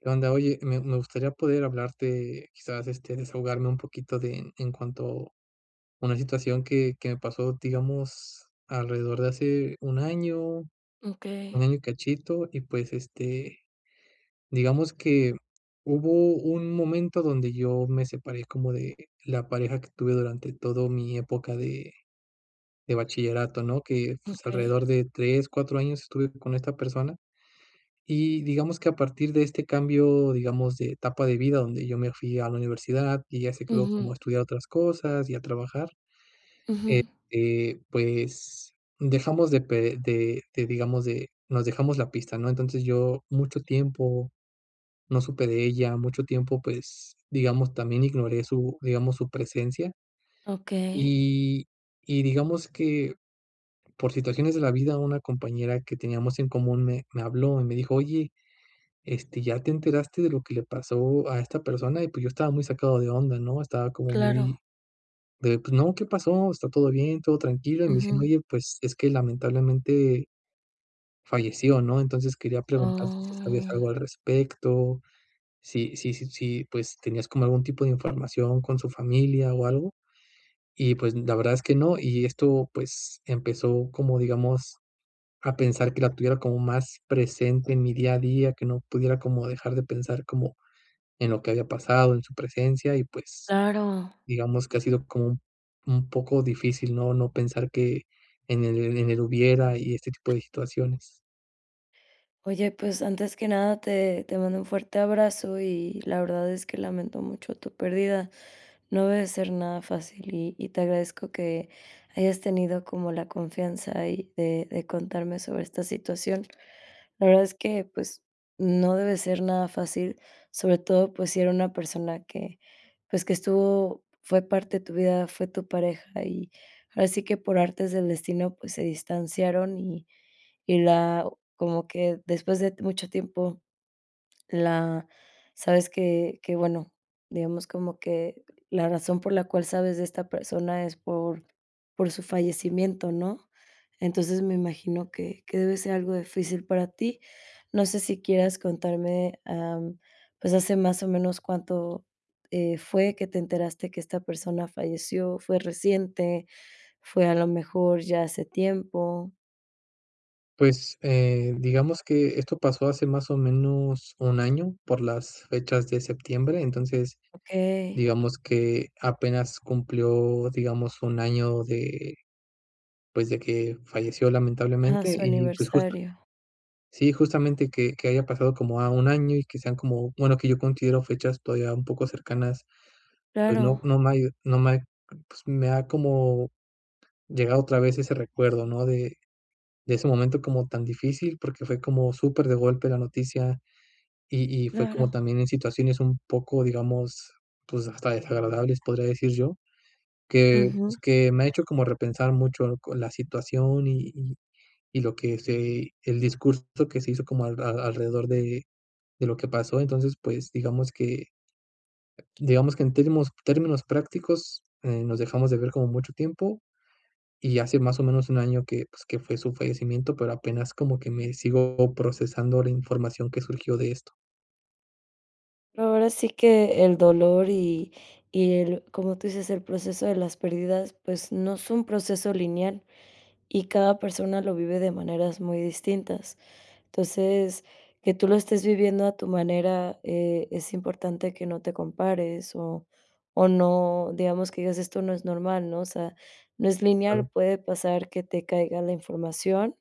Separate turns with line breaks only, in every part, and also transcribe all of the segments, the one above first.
¿Qué onda? Oye, me me gustaría poder hablarte, quizás, este, desahogarme un poquito de en cuanto a una situación que que me pasó, digamos alrededor de hace 1 año 1
Okey.
año y cachito, y pues, este, digamos que hubo un momento donde yo me separé como de la pareja que tuve durante todo mi época de de bachillerato, ¿no?, que pues,
Okey.
alrededor de 3, 4 años estuve con esta persona, y digamos que a partir de este cambio, digamos de etapa de vida donde yo me fui a la universidad ella se quedó como
Ujú.
a estudiar otras cosas y a trabajar,
Ujú.
este, pues, dejamos de pe de de, digamos de nos dejamos la pista, ¿no?, entonces, yo mucho tiempo no supe de ella mucho tiempo, pues, digamos también ignoré su, digamos su presencia.
Okey.
Y y digamos que, por situaciones de la vida, una compañera que teníamos en común me me habló y me dijo: "Oye, este, ya te enteraste de lo que le pasó a esta persona", y pues, yo estaba muy sacado de onda, ¿no?, estaba como
Claro
muy de pues: "No, ¿qué pasó? ¿Está todo bien? ¿Todo tranquilo?", y me dicen:
Ujú.
"Oye, pues, es que lamentablemente, falleció", ¿no?, entonces, quería preguntar si sabías
Oh.
algo al respecto, si si si si, pues, tenías como algún tipo de información con su familia o algo, y pues, la verdad es que no. Y esto pues, empezó como, digamos, a pensar que la tuviera como más presente en mi día a día, que no pudiera como dejar de pensar, como, en lo que había pasado en su presencia, y pues,
Claro.
digamos que ha sido como un un poco difícil, ¿no?, no pensar que, en el en el hubiera y este tipo de situaciones.
Oye, pues, antes que nada te te mando un fuerte abrazo y la verdad es que lamento mucho tu pérdida. No debe ser nada fácil, y y te agradezco que hayas tenido como la confianza y de de contarme sobre esta situación. La verdad es que, pues, no debe ser nada fácil, sobre todo, pues, si era una persona que, pues, que estuvo fue parte de tu vida, fue tu pareja y así que por artes del destino, pues, se distanciaron y y la como que después de mucho tiempo la sabes que que bueno, digamos como que, la razón por la cual, sabes de esta persona es por por su fallecimiento, ¿no?, entonces, me imagino que que debe ser algo difícil para ti. No sé, si quieras contarme, am, pues, hace más o menos cuánto, eh, fue que te enteraste que esta persona falleció, ¿fue reciente? ¿Fue a lo mejor ya hace tiempo?
Pues, eh, digamos que esto pasó hace más o menos 1, año por las fechas de septiembre, entonces,
Okey.
digamos que apenas cumplió, digamos, 1, año de, pues, de que falleció,
Ajá,
lamentablemente,
su
y, pues, justo
aniversario.
Sí, justamente que que haya pasado como, ah, 1, año y que sean como, bueno, que yo considero, fechas todavía un poco cercanas, pues, no
Claro.
no me ha ayu no me ha c pues, me ha como llegado otra vez ese recuerdo, ¿no? De de ese momento como tan difícil, porque fue como super de golpe la noticia, y y fue como
Claro.
también en situaciones un poco, digamos, pues, hasta desagradables, podría decir yo, que, pues,
Ujù.
que me ha hecho como repensar mucho lo co la situación y y y lo que se el discurso que se hizo como al a alrededor de de lo que pasó. Entonces, pues, digamos que digamos que en términos términos prácticos, eh, nos dejamos de ver como mucho tiempo, y hace más o menos 1, año que, pues, que fue su fallecimiento, pero apenas como que me sigo procesando la información que surgió de esto.
Ahora sí que el dolor y y el, como tú dices, el proceso de las pérdidas, pues no es un proceso lineal y cada persona lo vive de maneras muy distintas. Entonces, que tú lo estés viviendo a tu manera, eh, es importante que no te compares o o no digamos que digas: "Esto no es normal", ¿no? O sea, no es lineal.
Claro.
Puede pasar que te caiga la información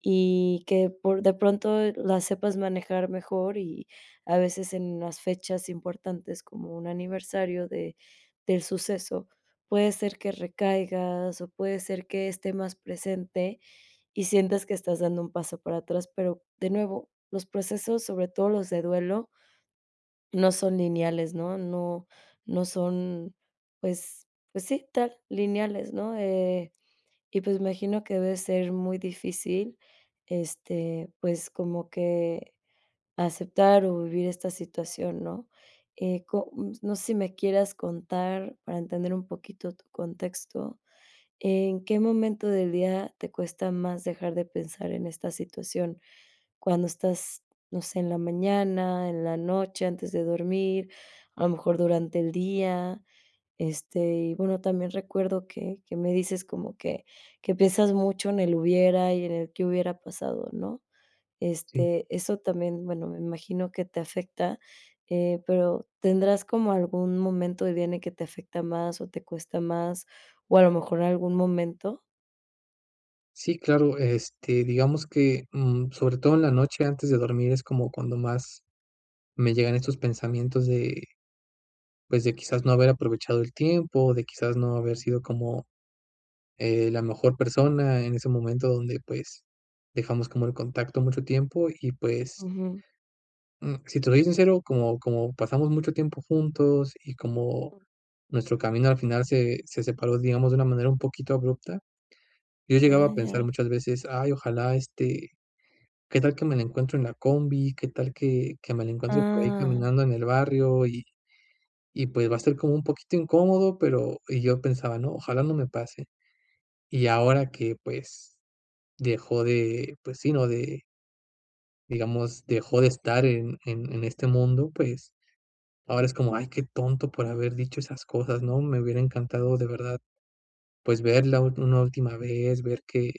y que por de pronto la sepas manejar mejor y, a veces, en las fechas importantes, como un aniversario de del suceso. Puede ser que recaigas o puede ser que esté más presente y sientas que estás dando un paso para atrás, pero, de nuevo, los procesos, sobre todo los de duelo no son lineales, ¿no? No, no son. Pues pues sí, tal lineales, ¿no?, eh, y pues me imagino que debe ser muy difícil, este, pues como que aceptar o vivir esta situación, ¿no?, eh, co mm, s No sé si me quieras contar para entender un poquito tu contexto. ¿En qué momento del día te cuesta más dejar de pensar en esta situación? ¿Cuándo estás, no sé, en la mañana, en la noche, antes de dormir, a lo mejor durante el día?, este, y, bueno, también recuerdo que que me dices como que que piensas mucho en el hubiera y en el qué hubiera pasado, ¿no?,
Sí.
este, eso también, bueno, me imagino que te afecta, eh, pero ¿tendrás como algún momento del día en el que te afecta más o te cuesta más, o a lo mejor algún momento?
Sí, claro. Este, digamos que, mm, sobre todo en la noche antes de dormir, es como cuando más me llegan estos pensamientos de, pues, de, quizás, no haber aprovechado el tiempo. De, quizás, no haber sido como, eh, la mejor persona en ese momento donde, pues, dejamos como el contacto mucho tiempo, y pues
Ujú.
mm, si te soy sincero, como como pasamos mucho tiempo juntos, y como
[unintelligible]
nuestro camino al final se se separó, digamos, de una manera un poquito abrupta, yo llegaba
Ah,
a
ya.
pensar muchas veces: "Ay, ojalá este, qué tal que me la encuentro en la combi, qué tal que que me la encuentro por ahí
Ah.
caminando en el barrio, y y pues, va a estar como un poquito incómodo", pero, y yo pensaba: "No, ojalá no me pase". Y ahora que, pues, dejó de, pues sí, no de digamos, dejó de estar en en en este mundo. Pues, ahora es como: "Ay, qué tonto por haber dicho esas cosas", ¿no? Me hubiera encantado de verdad, pues, verla últ una última vez, ver que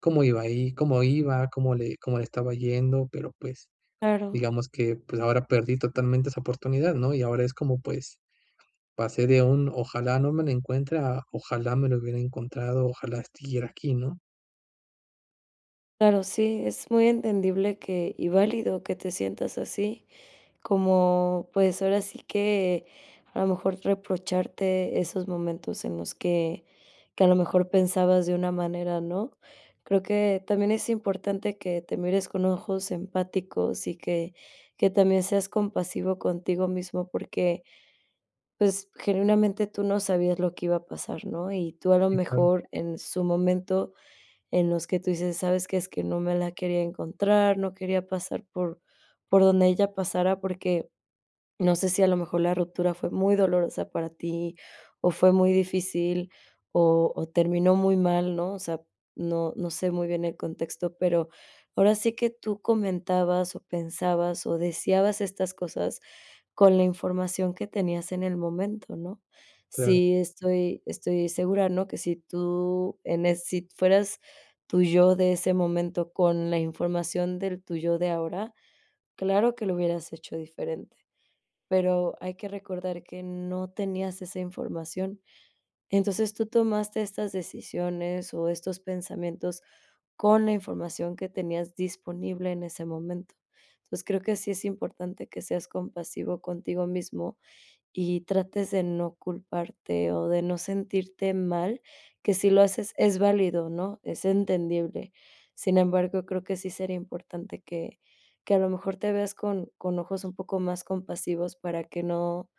cómo iba ahí, cómo iba, cómo le cómo le estaba yendo, pero pues
Claro.
digamos que pues ahora perdí totalmente esa oportunidad, ¿no?, y ahora es como, pues, pasé de un: "Ojalá no me lo encuentre" a: "Ojalá me lo hubiera encontrado, ojalá es siguiera aquí", ¿no?
Claro, sí, es muy entendible que y válido, que te sientas así, como pues, ahora sí que, a lo mejor reprocharte esos momentos en los que que a lo mejor pensabas de una manera, ¿no? Creo que, también es importante que te mires con ojos empáticos y que que también seas compasivo contigo mismo porque, pues, genuinamente tú no sabías lo que iba a pasar, ¿no?, y tú a lo
Sí, claro.
mejor, en su momento, en los que tú dices: "¿Sabes qué?, es que no me la quería encontrar, no quería pasar por por donde ella pasara", porque, no sé, si a lo mejor la ruptura fue muy dolorosa para tí, o fue muy difícil, o o terminó muy mal, ¿no?, o sea, no no sé, muy bien el contexto, pero, ahora sí que, tú comentabas o pensabas o deseabas estas cosas, con la información que tenías en el momento, ¿no?,
Claro.
sí, estoy estoy segura, ¿no?, que si tú, en es si fueras tú yo, de ese momento, con la información del tú yo de ahora, claro que lo hubieras hecho diferente, pero, hay que recordar que no tenías esa información. Entonces, tú tomaste estas decisiones, o estos pensamientos, con la información que tenías disponible en ese momento. Entonces creo, que sí es importante que seas compasivo contigo mísmo, y trates de no culparte, o de no sentirte mal, que si lo haces es válido, ¿no?, es entendible. Sin embargo, creo que sí sería importante que que a lo mejor te veas con con ojos un poco más compasivos para que no,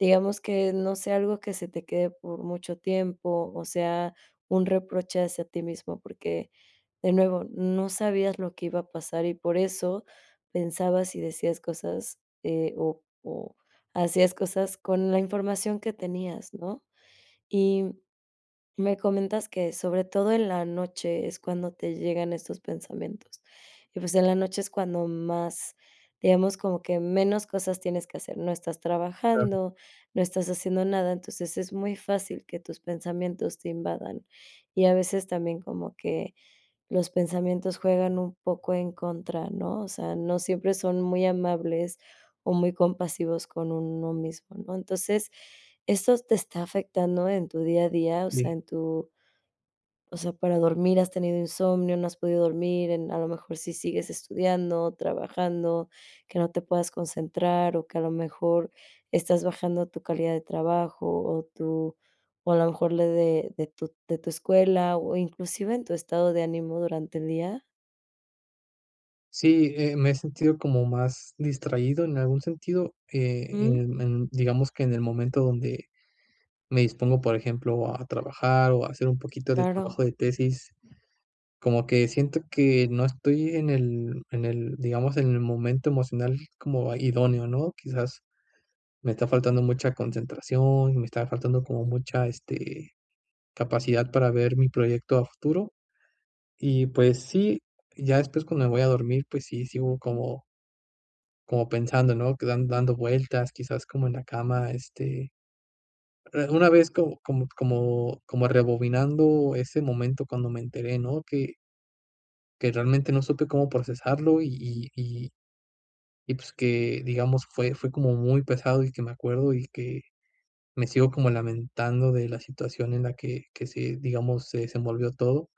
digamos que no sea algo que se te quede por mucho tiempo, o sea, un reproche hacia ti mismo, porque de nuevo, no sabías lo que iba a pasar y por eso, pensabas y decías cosas eh, o o hacías cosas con la información que tenías, ¿no?, y me comentas que, sobre todo en la noche es cuando te llegan estos pensamientos, y pues, en la noche es cuando más, digamos como que, menos cosas tienes que hacer. No estás
Claro.
trabajando, no estás haciendo nada, entonces, es muy fácil que tus pensamientos te invadan, y a veces también como que, los pensamientos juegan un poco en contra, ¿no?, o sea, no siempre son muy amables, o muy compasivos con uno mismo, ¿no?, entonces, eso te está afectando en tu día a día, o sea,
Sí.
en tú, o sea, ¿para dormir has tenido insomnio, no has podido dormir en a lo mejor sí sigues estudiando, trabajando, que no te puedas concentrar, o que a lo mejor, estás bajando tu calidad de trabajo, o tu o a lo mejor lo de de tu de tu escuela, o inclusive en tu estado de ánimo durante el día?
Sí, eh, me he sentido como más distraído en algún sentido, eh,
Mm.
en en, digamos que en el momento donde me dispongo, por ejemplo, a trabajar, o a hacer un poquito de
Claro.
trabajo de tesis. Como que siento que no estoy en el en el, digamos, en el momento emocional como idóneo, ¿no? Quizás, me está faltando mucha concentración y me está faltando como mucha, este, capacidad para ver mi proyecto a futuro. Y pues sí, ya después, cuando me voy a dormir, pues sí, sigo como como pensando, ¿no?, que dan dando vueltas, quizás como en la cama, este, eh, una vez co como como como rebobinando ese momento cuando me enteré, ¿no?, que que realmente no supe cómo procesarlo y y y y pues, que digamos fue fue como muy pesado, y que me acuerdo y que me sigo como lamentando de la situación en la que que se digamos, se desenvolvió todo.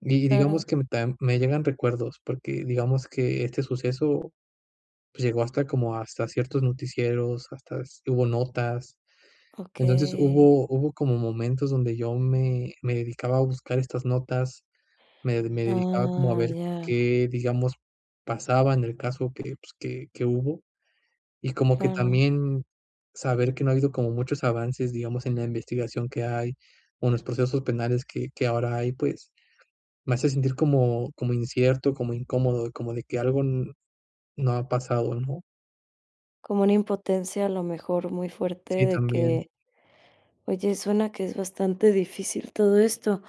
Y
Claro.
digamos que mm, tam me llegan recuerdos porque digamos que este suceso pues, llegó hasta como hasta ciertos noticieros, hasta s hubo notas. Entonces,
Okey.
hubo hubo como momentos donde yo me me dedicaba a buscar estas notas. Me me dedicaba como a
Ah,
ver,
ya.
qué digamos pasaba en el caso que, pues, que que hubo, y como que
Claro.
también saber que no ha habido como muchos avances, digamos, en la investigación que hay, o en los procesos penales que que ahora hay, pues, me hace sentir como como incierto, como incómodo, como de que algo n no ha pasado, ¿no?
Como una impotencia a lo mejor muy fuerte
Sí,
de
también.
que oye, suena que es bastante difícil todo esto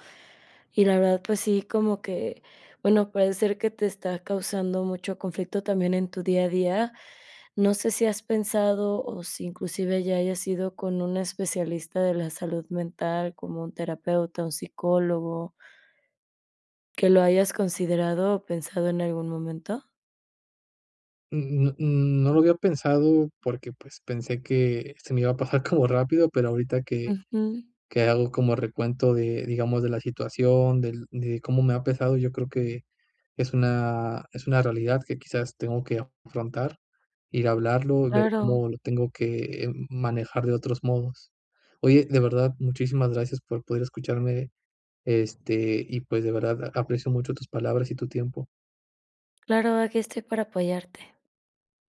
y la verdad, pues sí, como que, bueno, puede ser que te está causando mucho conflicto, también en tu día a día, ¿no sé, si has pensado, o si inclusive ya hayas ido, con un especialista de la salud mental, como un terapeuta, un psicólogo que lo hayas considerado o pensado en algún momento?
N n n no lo había pensado, porque, pues pensé que se me iba a pasar como rápido, pero, ahorita que
Ujú.
que hago como recuento de, digamos de la situación del de cómo me ha pesado, yo creo que es una es una realidad que quizás tengo que afrontar, ir a hablarlo y ver
Claro.
cómo lo tengo que, eh, manejar de otros modos. Oye, de verdad, muchísimas gracias por poder escucharme, este, y pues, de verdad aprecio mucho tus palabras y tu tiempo.
Claro, aqui estoy para apoyarte.